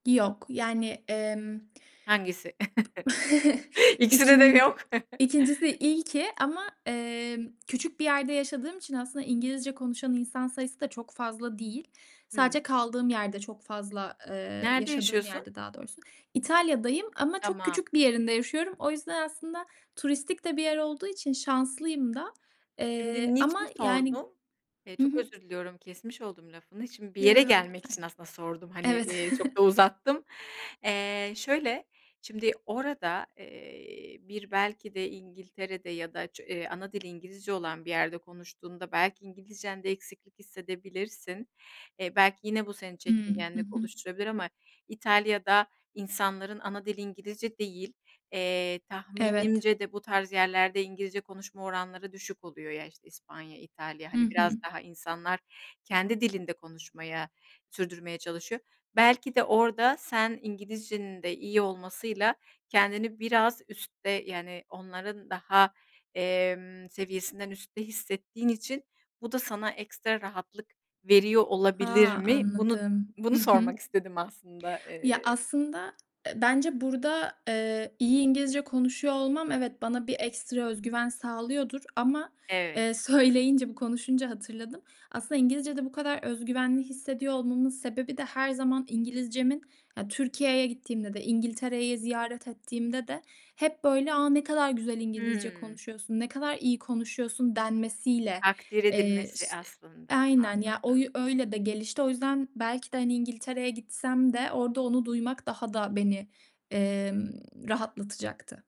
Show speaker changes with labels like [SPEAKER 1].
[SPEAKER 1] Yok, yani, emm,
[SPEAKER 2] Hangisi?
[SPEAKER 1] b
[SPEAKER 2] İkisinde de mi
[SPEAKER 1] ikin
[SPEAKER 2] yok?
[SPEAKER 1] ikincisi ilki, ki ama, emm, küçük bir yerde yaşadığım için, aslında İngilizce konuşan insan sayısı da çok fazla değil.
[SPEAKER 2] Hımm.
[SPEAKER 1] Sadece kaldığım yerde çok fazla, eee,
[SPEAKER 2] Nerede
[SPEAKER 1] yaşadığım
[SPEAKER 2] yaşıyorsun?
[SPEAKER 1] yerde daha doğrusu. İtalya'dayım ama çok
[SPEAKER 2] Tamam.
[SPEAKER 1] küçük bir yerinde yaşıyorum. O yüzden, aslında turistik de bir yer olduğu için şanslıyım da,
[SPEAKER 2] Şimdi,
[SPEAKER 1] eee, ama
[SPEAKER 2] niçin
[SPEAKER 1] yani
[SPEAKER 2] sordum? Eee,
[SPEAKER 1] Hı
[SPEAKER 2] çok
[SPEAKER 1] hı.
[SPEAKER 2] özür diliyorum, kesmiş oldum lafını. Şimdi, bir
[SPEAKER 1] Yo,
[SPEAKER 2] yere
[SPEAKER 1] yo,
[SPEAKER 2] gelmek için
[SPEAKER 1] lütfen,
[SPEAKER 2] aslında sordum, hani, eee, çok da
[SPEAKER 1] evet.
[SPEAKER 2] uzattım. Eee, şöyle, şimdi orada, eee, bir belki de İngiltere'de, ya da ç ana dili İngilizce olan bir yerde konuştuğunda, belki İngilizcende eksiklik hissedebilirsin. E, belki yine bu seni
[SPEAKER 1] Hımm. Hı
[SPEAKER 2] çekingenlik
[SPEAKER 1] hı.
[SPEAKER 2] oluşturabilir, ama İtalya'da, insanların ana dili İngilizce değil. Eee,
[SPEAKER 1] Evet.
[SPEAKER 2] tahminimce de bu tarz yerlerde, İngilizce konuşma oranları düşük oluyor ya, işte, İspanya, İtalya,
[SPEAKER 1] Hı
[SPEAKER 2] hani biraz
[SPEAKER 1] hı.
[SPEAKER 2] daha insanlar kendi dilinde konuşmaya, sürdürmeye çalışıyor. Belki de, orada sen İngilizcenin de iyi olmasıyla, kendini biraz üstte, yani onların daha, emm, seviyesinden üstte hissettiğin için, bu da sana ekstra rahatlık veriyor
[SPEAKER 1] A,
[SPEAKER 2] olabilir mi? Bunu
[SPEAKER 1] anladım.
[SPEAKER 2] bunu
[SPEAKER 1] Hı hı.
[SPEAKER 2] sormak istedim aslında,
[SPEAKER 1] Ya
[SPEAKER 2] eee
[SPEAKER 1] aslında, e, bence burada, eee, iyi İngilizce konuşuyor olmam evet bana bir ekstra özgüven sağlıyordur ama,
[SPEAKER 2] Evet.
[SPEAKER 1] eee, söyleyince, bu konuşunca hatırladım. Aslında İngilizcede bu kadar özgüvenli hissediyor olmamın sebebi de, her zaman İngilizcemin ya, Türkiye'ye gittiğimde de İngiltere'yi ziyaret ettiğimde de, hep böyle "A, ne kadar güzel İngilizce
[SPEAKER 2] Hımm.
[SPEAKER 1] konuşuyorsun, ne kadar iyi konuşuyorsun." denmesiyle,
[SPEAKER 2] Takdir
[SPEAKER 1] eee,
[SPEAKER 2] edilmesi
[SPEAKER 1] ş
[SPEAKER 2] aslında,
[SPEAKER 1] Aynen ya, o
[SPEAKER 2] anladım.
[SPEAKER 1] yü öyle de, gelişti o yüzden, belki de İngiltere'ye gitsem de, orada onu duymak daha da beni, emm, rahatlatacaktı.